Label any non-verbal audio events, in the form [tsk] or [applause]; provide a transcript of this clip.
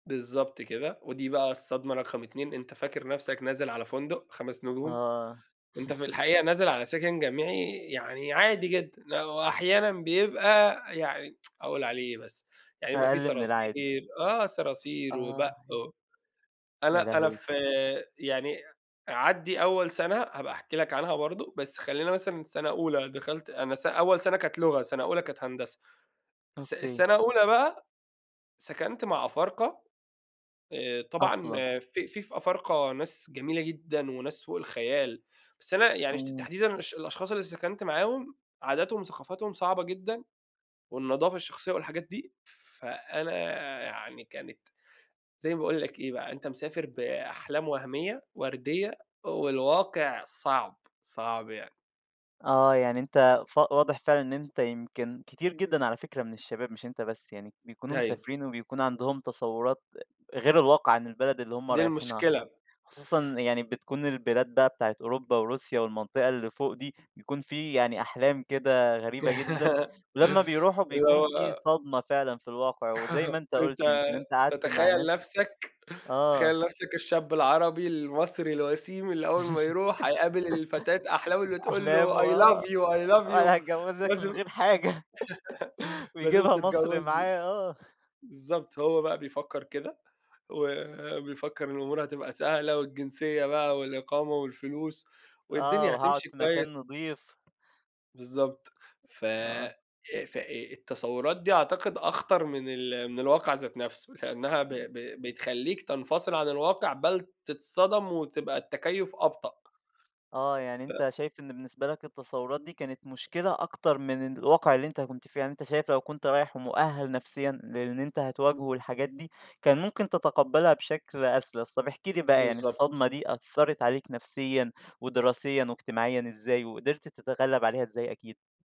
بالضبط كده، ودي بقى الصدمة رقم 2 أنت فاكر نفسك نازل على فندق 5 نجوم. آه. أنت في [chuckles] الحقيقة نازل على سكن جامعي يعني عادي جدًا، آآ، وأحيانًا بيبقى يعني [tsk] أقول عليه إيه بس، يعني يبقى في أقل من العادي. صراصير آه، صراصير وبَق آه. و يا أنا أنا لهوي. فيعني عدّي أول سنة هابقى احكي لك عنها برضه، بس خلّينا مثلًا سَنة أولى دخلت أنا س أول سنة كانت لغة، سنة أولى كانت هندسة س أوكي. سنة أولى بقى، سكنت مع أفارقة آآ، طبعًا أصلًا. في في في أفارقة ناس جميلة جدًا وناس فوق الخيال، بس أنا يعني شت إمم. تحديدًا الش الأشخاص اللي سكنت معاهم، عاداتهم وثقافتهم صعبة جدًا، والنضافة الشخصية والحاجات دي. فأنا يعني كانت زي ما باقول لك إيه بقى، أنت مسافر بأحلام وهميّة، ورديّة، والواقع صعب، صعب يعني. آه، يعني أنت ف واضح فعلًا إن أنت يمكن كتير جدًا على فكرة من الشباب مش أنت بس يعني، بيكونوا أيوه. مسافرين وبيكون عندهم تصوّرات أ غير الواقع عن البلد اللي هُم دي المشكلة رايحينها. ب خصوصًا يعني بتكون البلاد بقى بتاعة أوروبا، وروسيا والمنطقة اللي فوق دي، بيكون في يعني أحلام كده غريبة جدًا، [laughs] ولمّا بيروحوا اللي بيكون في هو صدمة فعلًا في الواقع، وزي ما [chuckles] أنت أنت قُلت يمكن أنت قعدت مع تتخيل ناس نفسك آه. تتخيل نفسك الشاب العربي، المصري، الوسيم، اللي أول ما يروح هيقابل ال فتاة أحلامة [chuckles] اللي تقول أحلام له:" I love وآه، you I love أنا you هاتجوّزك من لازم غير حاجة [laughs] [chuckles] لازم ويجيبها مصر تتجوزني." معاه آه. بالضبط هو بقى بيفكّر كده، وبيفكّر الأمور هتبقى سهلة، والجنسية بقى والإقامة والفلوس آه، والدنيا وهاقعد هتمشي في كويس. مكان نضيف. بالضبط فأ آه. فأ التصوّرات دي أعتقد أخطر من ال من الواقع ذات نفسه لإنّها ب [unintelligible] ب بتخلّيك تنفصل عن الواقع بَل تتصدم وتبقى التكيّف أبطأ. آه، يعني ف أنت شايف إن بالنسبة لك التصوّرات دي كانت مشكلة أكتر من الواقع اللي أنت كنت فيه. يعني أنت شايف لو كنت رايح ومؤهَل نفسيًا للي أنت هتواجهه والحاجات دي، كان ممكن تتقبلها بشكل أسلس. طب، احكِ لي بقى، يعني بالضبط. الصدمة دي أثّرت عليك نفسيًا، ودراسيًا، واجتماعيًا، إزاي؟ وقدرت تتغلب عليها إزاي أكيد؟